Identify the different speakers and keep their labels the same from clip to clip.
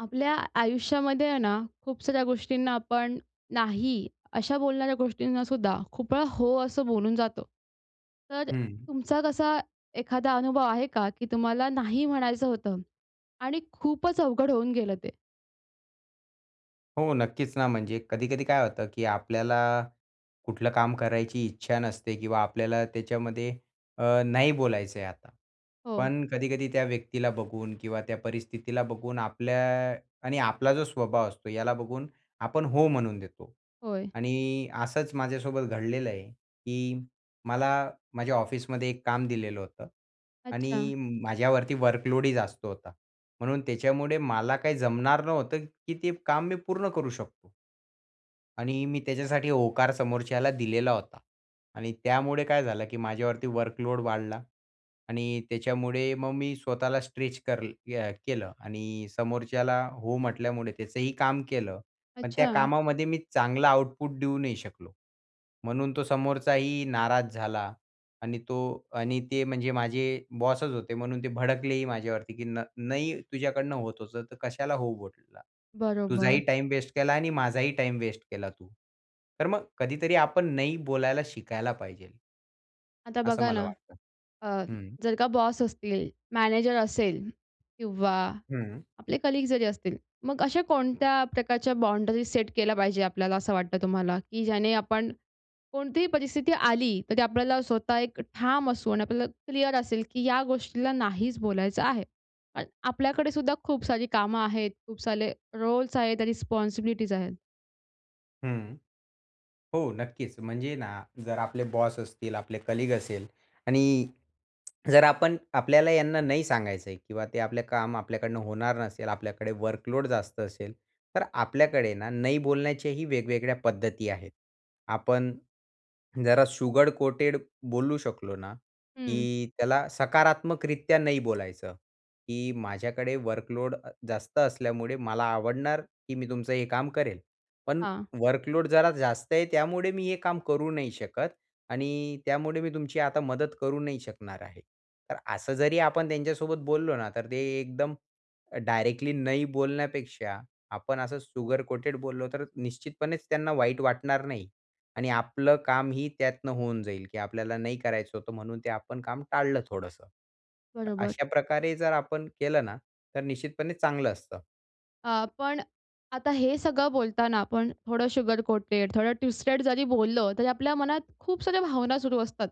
Speaker 1: आपल्या आयुष्यामध्ये आहे ना, खूप साऱ्या गोष्टींना आपण नाही अशा बोलणाऱ्या गोष्टींना सुद्धा खूपवेळा हो असं बोलून जातो. तर
Speaker 2: हं.
Speaker 1: तुमचा कसा एखादा अनुभव आहे का? की तुम्हाला नाही म्हणायचं होतं आणि खूपच अवघड होऊन गेलं ते?
Speaker 2: हो, नक्कीच ना, म्हणजे कधी-कधी काय होतं, की आपल्याला कुठलं काम करायची इच्छा नसते किंवा आपल्याला त्याच्यामध्ये अ, नाही बोलायचंय आता.
Speaker 1: हो.
Speaker 2: पण कधी-कधी त्या व्यक्तीला बघून किंवा त्या परिस्थितीला बघून आपल्या आणि आपला जो स्वभाव असतो याला बघून आपण हो म्हणून देतो
Speaker 1: होय.
Speaker 2: आणि असंच माझ्यासोबत घडलेलंय, की मला माझ्या ऑफिसमध्ये एक काम दिलेलं होतं
Speaker 1: अच्छा.
Speaker 2: आणि माझ्यावरती वर्कलोडही जास्त होता, म्हणून त्याच्यामुळे मला काही जमणार नव्हतं की ते काम मी पूर्ण करू शकतो आणि मी त्याच्यासाठी होकार समोरच्याला दिलेला होता आणि त्यामुळे काय झालं, की माझ्यावरती वर्कलोड वाढला आणि त्याच्यामुळे मग मी स्वतःला स्ट्रेच कर अ, केलं आणि समोरच्याला हो म्हटल्यामुळे त्याचंही काम केलं. पण त्या
Speaker 1: अच्छा.
Speaker 2: कामामध्ये मी चांगला आउटपुट देऊ नाही शकलो, म्हणून तो समोरचाही नाराज झाला आणि तो आणि ते म्हणजे माझे बॉसच होते, म्हणून ते भडकलेही माझ्यावरती. "की न नाही तुझ्याकडनं होत होतं, तर कशाला हो बोला? तुझाही
Speaker 1: बरोबर.
Speaker 2: टाईम वेस्ट केला आणि माझाही टाईम वेस्ट केला तू." तर मग कधीतरी आपण नाही बोलायला शिकायला पाहिजे.
Speaker 1: आता
Speaker 2: असं
Speaker 1: बघा
Speaker 2: मला
Speaker 1: ना,
Speaker 2: वाटतं
Speaker 1: अ,
Speaker 2: हं.
Speaker 1: जर का बॉस असतील, मॅनेजर असेल किंवा
Speaker 2: हं.
Speaker 1: आपले कलीग जरी असतील मग अशा कोणत्या प्रकारच्या बाउंडरी सेट केल्या पाहिजे आपल्याला असं वाटतं तुम्हाला? की ज्याने आपण कोणतीही परिस्थिती आली तर ती आपल्याला स्वतः एक ठाम असू आणि आपल्याला क्लिअर असेल, की या गोष्टीला नाहीच बोलायचं आहे अन् आपल्याकडे सुद्धा खूप सारी कामं आहेत, खूप सारे रोल्स आहेत रिस्पॉन्सिबिलिटीज आहेत.
Speaker 2: हं, हो, नक्कीच म्हणजे ना, जर आपले बॉस असतील आपले कलीग असेल आणि जर आपण आपल्याला यांना नाही सांगायचंय किंवा ते आपलं काम आपल्याकडनं होणार नसेल आपल्याकडे वर्कलोड जास्त असेल. तर आपल्याकडे ना, नाही बोलण्याच्याही वेगवेगळ्या पद्धती आहेत. आपण जरा शुगर कोटेड बोलू शकलो ना,
Speaker 1: हं.
Speaker 2: की त्याला सकारात्मकरित्या नाही बोलायचं, की माझ्याकडे वर्कलोड अ, जास्त असल्यामुळे मला आवडणार, की मी तुमचं हे काम करेल. पण
Speaker 1: हां.
Speaker 2: वर्कलोड जरा जास्त आहे त्यामुळे मी हे काम करू नाही शकत आणि त्यामुळे मी तुमची आता मदत करू नाही शकणार आहे. तर असं जरी आपण त्यांच्यासोबत बोललो ना तर ते एकदम डायरेक्टली नाही बोलण्यापेक्षा, आपण असं शुगर कोटेड बोललो तर निश्चितपणेच त्यांना वाईट वाटणार नाही आणि आपलं काम ही त्यातनं होऊन जाईल, की आपल्याला नाही करायचं होतं म्हणून ते आपण काम टाळलं थोडंसं. तर
Speaker 1: बरोबर.
Speaker 2: अशा प्रकारे जर आपण केलं ना तर निश्चितपणे चांगलं असतं.
Speaker 1: हां, पण आता हे सगळं बोलताना आपण थोडं शुगर कोटेड थोडं ट्विस्टेड जरी बोललं तरी आपल्या मनात खूप साऱ्या भावना सुरू असतात.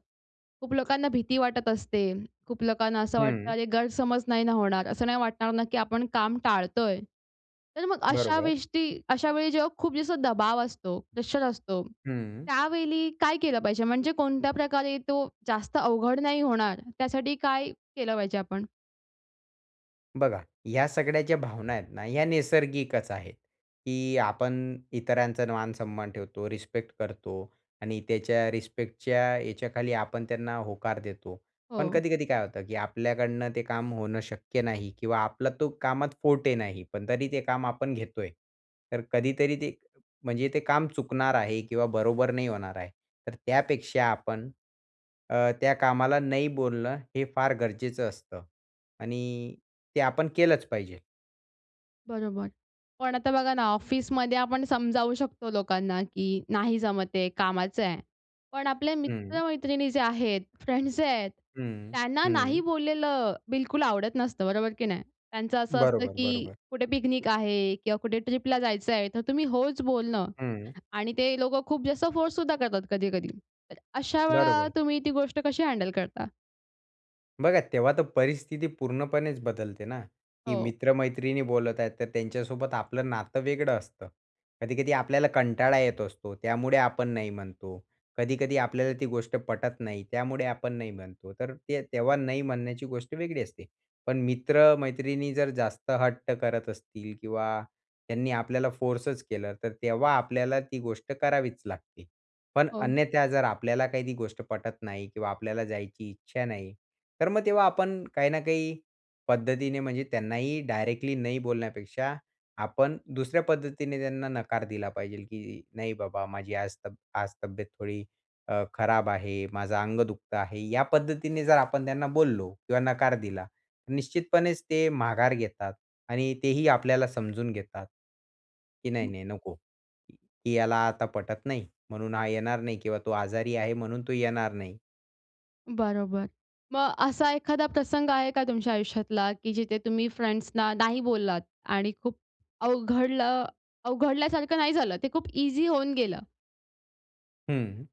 Speaker 1: खूप लोकांना भीती वाटत असते. खूप लोकांना असं वाटतं,
Speaker 2: हं.
Speaker 1: अरे गैरसमज नाही ना होणार? असं नाही वाटणार ना, की आपण काम टाळतोय? तर मग अशा
Speaker 2: बरोबर.
Speaker 1: वेस्टी अशा वेळी जेव्हा खूप जसं दबाव असतो, प्रेशर असतो,
Speaker 2: हं.
Speaker 1: त्यावेळी काय केलं पाहिजे? म्हणजे कोणत्या प्रकारे तो जास्त अवघड नाही होणार, त्यासाठी काय केलं पाहिजे आपण?
Speaker 2: बघा, ह्या सगळ्या ज्या भावना आहेत ना, या नैसर्गिकचं आहेत, की आपण इतरांचा मान-सन्मान ठेवतो, रिस्पेक्ट करतो आणि त्याच्या रिस्पेक्टच्या याच्याखाली आपण त्यांना होकार देतो. पण
Speaker 1: हो.
Speaker 2: कधी-कधी काय होतं? की आपल्याकडनं ते काम होणं शक्य नाही किंवा आपला तो कामात फॉर्टे नाही पण तरी ते काम आपण घेतोय. तर कधीतरी ते, म्हणजे ते काम चुकणार आहे किंवा बरोबर नाही होणार आहे. तर त्यापेक्षा आपण, अ, त्या कामाला नाही बोलणं हे फार गरजेचं असतं आणि ते आपण केलंच पाहिजे.
Speaker 1: बरोबर. पण आता बघा ना, ऑफिसमध्ये आपण समजावू शकतो लोकांना, की नाही जमत आहे, कामाचं आहे. पण आपल्या
Speaker 2: हं.
Speaker 1: मित्र-मैत्रिणी जे आहेत, फ्रेंड्स जे आहेत
Speaker 2: हं,
Speaker 1: त्यांना नाही
Speaker 2: हं.
Speaker 1: बोललेलं बिलकुल आवडत नसतं. बरोबर की नाही? त्यांचं असं असतं
Speaker 2: बरोबर,
Speaker 1: की
Speaker 2: बरोबर.
Speaker 1: कुठे पिकनिक आहे किंवा कुठे ट्रिपला जायचं आहे, तर तुम्ही होचं बोलणं
Speaker 2: हं.
Speaker 1: आणि ते लोकं खूप जास्त फोर्स सुद्धा करतात कधी-कधी. तर अशा वेळा
Speaker 2: बरोबर.
Speaker 1: तुम्ही ती गोष्ट कशी हँडल करता?
Speaker 2: बघा तेव्हा तर परिस्थिती पूर्णपणेच बदलते ना, की
Speaker 1: हो.
Speaker 2: मित्र-मैत्रिणी बोलत आहेत तर त्यांच्यासोबत आपलं नातं वेगळं असतं. कधी-कधी आपल्याला कंटाळा येत असतो. त्यामुळे आपण नाही म्हणतो. कधी-कधी आपल्याला ती गोष्ट पटत नाही त्यामुळे आपण नाही म्हणतो. तर ते तेव्हा नाही म्हणण्याची गोष्ट वेगळी असते. पण मित्र-मैत्रिणी जर जास्त हट्ट करत असतील किंवा त्यांनी आपल्याला फोर्सच केला तर तेव्हा आपल्याला ती गोष्ट करावीच लागते. पण
Speaker 1: हो.
Speaker 2: अन्यथा जर आपल्याला काही ती गोष्ट पटत नाही किंवा आपल्याला जायची इच्छा नाही. तर मग तेव्हा आपण काही ना काही पद्धतीने म्हणजे त्यांनाही डायरेक्टली नाही बोलण्यापेक्षा आपण दुसऱ्या पद्धतीने त्यांना नकार दिला पाहिजेल की "नाही बाबा माझी आज तब्य आज तब्येत थोडी अ, खराब आहे. माझं अंग दुखतं आहे." या पद्धतीने जर आपण त्यांना बोललो किंवा नकार दिला तर निश्चितपणेच ते माघार घेतात. आणि तेही आपल्याला समजून घेतात. की नाही-नाही नको. की "ह्याला आता पटत नाही म्हणून हा येणार नाही किंवा तो आजारी आहे म्हणून तो येणार नाही."
Speaker 1: बरोबर. मग अ, असा एखादा प्रसंग आहे का तुमच्या आयुष्यातला की जिथे तुम्ही फ्रेंड्स ना नाही बोललात आणि खूप अवघडलं अवघडल्यासारखं नाही झालं. ते खूप ईझी होऊन गेलं?
Speaker 2: हं.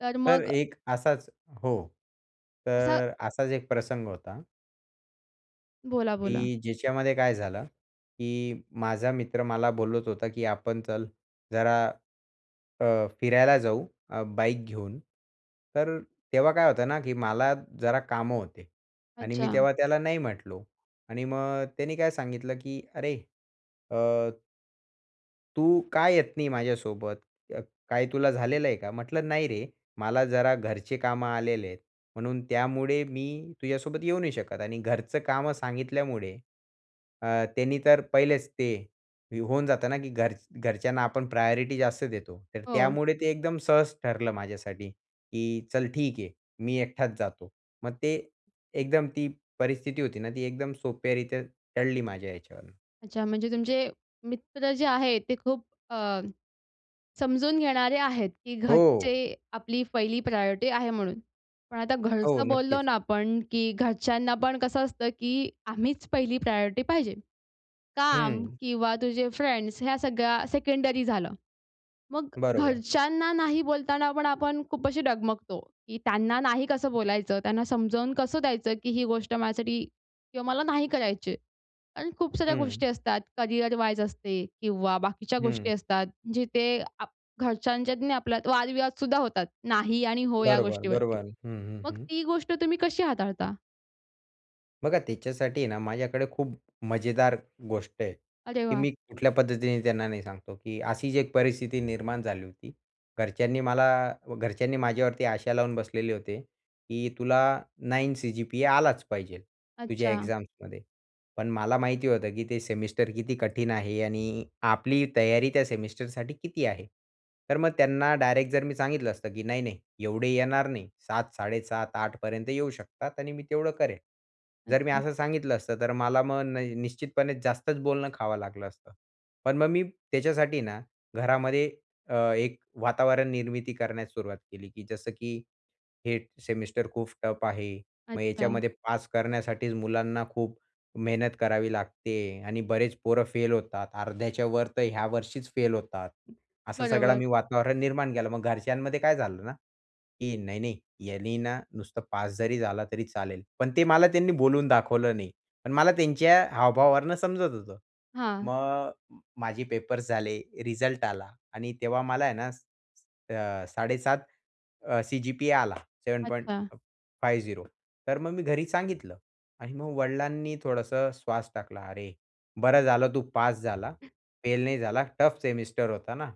Speaker 1: तर
Speaker 2: तर
Speaker 1: मग.
Speaker 2: एक असाच हो,
Speaker 1: असं
Speaker 2: तर असाच एक प्रसंग होता.
Speaker 1: बोला, बोला.
Speaker 2: की ज्याच्यामध्ये काय झालं, की माझा मित्र मला बोलत होता, की आपण चल जरा, अ, फिरायला जाऊ, अ, बाईक घेऊन. तर तेव्हा काय होते ना, की मला जरा कामं होते आणि मी
Speaker 1: अच्छा.
Speaker 2: तेव्हा त्याला नाही म्हटलो. आणि मग त्याने काय सांगितलं, की अरे, अ "तू का येत नाही माझ्यासोबत? काय तुला झालेलं आहे का?" म्हंटलं "नाही रे, मला जरा घरचे कामं आलेले आहेत. म्हणून त्यामुळे मी तुझ्यासोबत येऊ नाही शकत." आणि घरचं कामं सांगितल्यामुळे, अ, त्यांनी तर पहिलेच ते होऊन जातं ना, की घर घरच्यांना आपण प्रायोरिटी जास्त देतो. तर
Speaker 1: हो.
Speaker 2: त्यामुळे ते एकदम सहज ठरलं माझ्यासाठी, की चल ठीक आहे मी एकटाच जातो. मग ते एकदम ती परिस्थिती होती ना, ती एकदम सोप्या रित्या टळली माझ्या ह्याच्यावरून.
Speaker 1: अच्छा म्हणजे तुमचे मित्र जे आहे ते खूप अ, समजून घेणारे आहेत, की घरचे
Speaker 2: हो.
Speaker 1: आपली पहिली प्रायोरिटी आहे म्हणून. पण आता
Speaker 2: हो.
Speaker 1: घरचं बोललो
Speaker 2: नक्कीच.
Speaker 1: ना आपण, की घरच्यांना पण कसं असतं, की आम्हीच पहिली प्रायोरिटी पाहिजे. काम
Speaker 2: हं.
Speaker 1: किंवा तुझे फ्रेंड्स ह्या सगळ्या सेकेंडरी झालं, मग
Speaker 2: बरोबर.
Speaker 1: घरच्यांना नाही बोलताना आपण, आपण खूप अशी डगमगतो, की त्यांना नाही कसं बोलायचं, त्यांना समजावून कसं द्यायचं, की ही गोष्ट माझ्यासाठी किंवा मला नाही करायची आहे आणि खूप साऱ्या
Speaker 2: हं.
Speaker 1: गोष्टी असतात. करियर वाईज असते किंवा बाकीच्या
Speaker 2: हं.
Speaker 1: गोष्टी असतात. जिथे आप घरच्यांच्यात आणि आपल्यात वाद-विवाद सुद्धा होतात. नाही आणि हो या
Speaker 2: बरोबर.
Speaker 1: गोष्टीवरती.
Speaker 2: बरोबर. हं, हं.
Speaker 1: मग
Speaker 2: हं.
Speaker 1: ती गोष्ट तुम्ही कशी हाताळता?
Speaker 2: बघा, त्याच्यासाठी ना, माझ्याकडे खूप मजेदार गोष्ट आहे,
Speaker 1: अरे
Speaker 2: की
Speaker 1: वाह!
Speaker 2: मी कुठल्या पद्धतीने त्यांना नाही सांगतो, की अशीचं एक परिस्थिती निर्माण झाली होती. घरच्यांनी मला घरच्यांनी माझ्यावरती आशा लावून बसलेले होते की तुला 9 सीजीपीए आलाचं पाहिजे तुझ्या
Speaker 1: अच्छा.
Speaker 2: एक्झाम्समध्ये. पण मला माहिती होतं की ते सेमिस्टर किती कठीण आहे आणि आपली तयारी त्या सेमिस्टरसाठी किती आहे. तर मग त्यांना डायरेक्ट जर मी सांगितलं असतं की "नाही नाही, एवढे येणार नाही, 7, 7.5, 8 पर्यंत येऊ शकतात आणि मी तेवढं करेन." जर मी
Speaker 1: अच्छा.
Speaker 2: असं सांगितलं असतं. तर मला मग न निश्चितपणे जास्तचं बोलणं खावं लागलं असतं. पण मग मी त्याच्यासाठी ना, घरामध्ये अ, एक वातावरण निर्मिती करण्यास सुरुवात केली की जसं, की हे सेमिस्टर खूप टफ आहे. मग
Speaker 1: अच्छा.
Speaker 2: याच्यामध्ये पास करण्यासाठीचं मुलांना खूप मेहनत करावी लागते आहे आणि बरेचं पोरं फेल होतात. अर्ध्याच्यावर तर ह्या वर्षीचं फेल होतात. असं सगळं
Speaker 1: बरोबर.
Speaker 2: मी वातावरण निर्माण केलं. मग घरच्यांमध्ये काय झालं ना, की "नाही-नाही, यानी ना, नुसता पास जरी झाला तरी चालेल." पण ते मला त्यांनी बोलून दाखवलं नाही. पण मला त्यांच्या हावभावावरनं समजत होतं.
Speaker 1: हां.
Speaker 2: मग अ, माझे पेपर्स झाले, रिझल्ट आला आणि तेव्हा मला आहे ना, अ, स स 7.5 अ, सीजीपीए आला. सेवेन पॉइंट
Speaker 1: अच्छा.
Speaker 2: Five zero. तर मग मी घरी सांगितलं आणि मग वडिलांनी थोडंसं श्वास टाकला, "अरे, बरं झालं तू पास झाला, फेल नाही झाला टफ सेमिस्टर होता ना,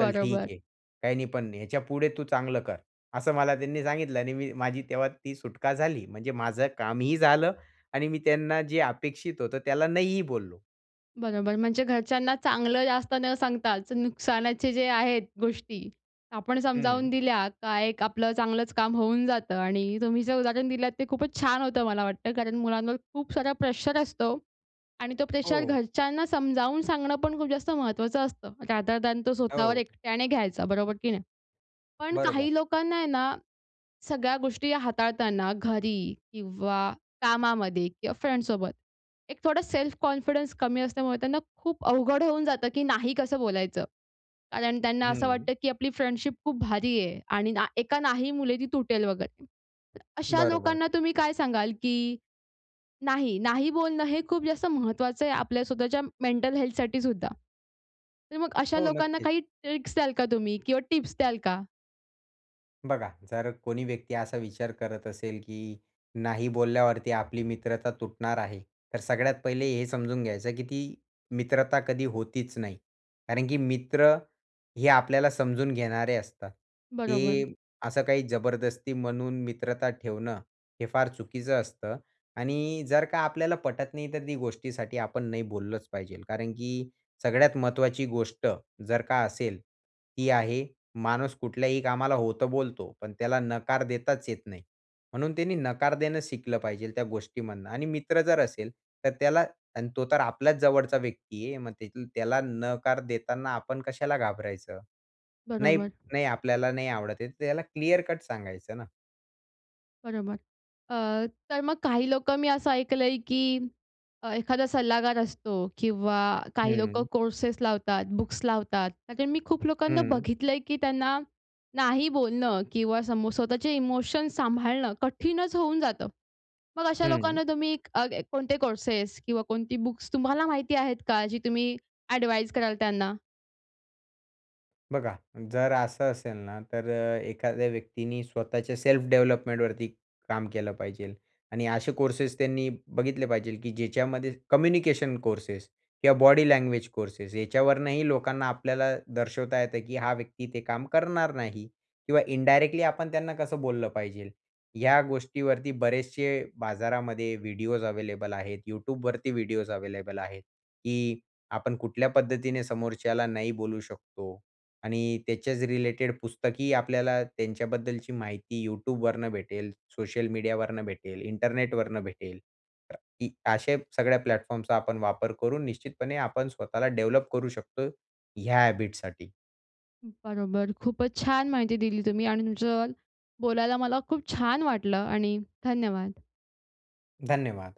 Speaker 2: चल ठीक आहे, काही नाही, पण नाही ह्याच्यापुढे तू चांगलं कर." असं मला त्यांनी सांगितलं आणि मी माझी तेव्हा ती सुटका झाली. म्हणजे माझं कामही झालं आणि मी त्यांना जे अपेक्षित होतं त्याला नाहीही बोललो.
Speaker 1: बरोबर. म्हणजे घरच्यांना चांगलं जास्त न सांगताच नुकसानाचे जे आहेत गोष्टी आपण समजावून
Speaker 2: हं.
Speaker 1: दिल्या का एक आपलं चांगलंच काम होऊन जातं आणि तुम्ही जे उदाहरण दिलतं ते खूपच छान होतं मला वाटतं. कारण मुलांवर खूप सारा प्रेशर असतो आणि तो प्रेशर
Speaker 2: हो.
Speaker 1: घरच्यांना समजावून सांगणं पण खूप जास्त महत्त्वाचं असतं रादर दयान तो स्वताःवर
Speaker 2: हो.
Speaker 1: एकट्याने घ्यायचा बरोबर की नाही. पण काही
Speaker 2: बरोबर.
Speaker 1: लोकांना आहे ना, सगळ्या गोष्टी हाताळताना घरी किंवा कामामध्ये किंवा फ्रेंन्डसोबत एक थोडा सेल्फ कॉन्फिडन्स कमी असल्यामुळे त्यांना खूप अवघड होऊन जातं, की नाही कसं बोलायचं? कारण त्यांना असं
Speaker 2: हं.
Speaker 1: वाटतं, की आपली फ्रेंन्डशिप खूप भारीये आणि ना एका नाही मुळे ती तुटेल वगैरे. अशा
Speaker 2: बरोबर.
Speaker 1: लोकांना तुम्ही काय सांगाल? की नाही, नाही बोलणं हे खूप जास्त महत्वाचंय आपल्या स्वताःच्या मेंटल हेल्थसाठी सुद्धा. तर मग अशा
Speaker 2: हो.
Speaker 1: लोकांना
Speaker 2: नक्कीच.
Speaker 1: काही ट्रिक्स द्याल का तुम्ही? किंवा टिप्स द्याल का?
Speaker 2: बघा. जर कोणी व्यक्ती असा विचार करत असेल, की नाही बोलल्यावरती आपली मित्रता तुटणार आहे. तर सगळ्यात पहिले हे समजून घ्यायचं, की ती मित्रता कधी होतीच नाही. कारण की मित्र हे आपल्याला समजून घेणारे असतात.
Speaker 1: बरोबर.
Speaker 2: ते असं काही जबरदस्ती म्हणून मित्रता ठेवणं हे फार चुकीचं असतं आणि जर का आपल्याला पटत नाही तर ती गोष्टीसाठी आपण नाही बोललंच पाहिजे. कारण की सगळ्यात महत्वाची गोष्ट जर का असेल, ही आहे माणूस कुठल्याही कामाला हो तर बोलतो पण त्याला नकार देताच येत नाही. म्हणून त्याने नकार देणं शिकलं पाहिजे त्या गोष्टीमधनं आणि मित्र जर असेल तर त्याला अन् तो तर आपल्याच जवळचा व्यक्तीये. मग त्याला नकार देताना आपण कशाला घाबरायचं? नाही
Speaker 1: बरोबर.
Speaker 2: नाही आपल्याला नाही आवडतेय तर त्याला क्लिअर कट सांगायचं ना.
Speaker 1: बरोबर. अ, तर मग काही लोकं मी असं ऐकलंय की अ, एखादा सल्लागार असतो किंवा काही लोकं
Speaker 2: हं.
Speaker 1: कोर्सेस लावतात, बुक्स लावतात, त्या मी खूप लोकांना
Speaker 2: हं.
Speaker 1: बघितलंय की त्यांना नाही बोलणं किंवा समोर स्वतःचे इमोशन्स सांभाळणं कठीणच होऊन जातं. मग अशा
Speaker 2: हं.
Speaker 1: लोकांना तुम्ही अ, कोणते कोर्सेस किंवा कोणती बुक्स तुम्हाला माहिती आहेत का जी तुम्ही ॲडवाइज कराल त्यांना?
Speaker 2: बघा, जर असं असेल ना, तर एखाद्या व्यक्तीने स्वतःच्या सेल्फ डेव्हलपमेंटवरती काम केलं पाहिजे. आणि असे कोर्सेस त्यांनी बघितले पाहिजे, की ज्याच्यामध्ये कम्युनिकेशन कोर्सेस किंवा बॉडी लँग्वेज कोर्सेस, याच्यावरनंही लोकांना आपल्याला दर्शवता येतं, की हा व्यक्ती ते काम करणार नाही किंवा इनडायरेक्टली आपण त्यांना कसं बोललं पाहिजे. या गोष्टीवरती बरेचसे बाजारामध्ये व्हिडिओज अवेलेबल आहेत. Youtubeवरती व्हिडिओस अवेलेबल आहेत. की आपण कुठल्या पद्धतीने समोरच्याला नाही बोलू शकतो आणि त्याच्याच रिलेटेड पुस्तकी आपल्याला त्यांच्याबद्दलची माहिती Youtubeवरनं भेटेल, सोशल मीडियावरून भेटेल, इंटरनेटवरनं भेटेल. की अ अशा सगळ्या प्लॅटफॉर्मचा आपण वापर करून निश्चितपणे आपण स्वतःला डेव्हलप करू शकतो ह्या हॅबिटसाठी.
Speaker 1: बरोबर. खूपच छान माहिती दिली तुम्ही आणि तुमच्या सोबत बोलायला मला खूप छान वाटलं आणि धन्यवाद.
Speaker 2: धन्यवाद.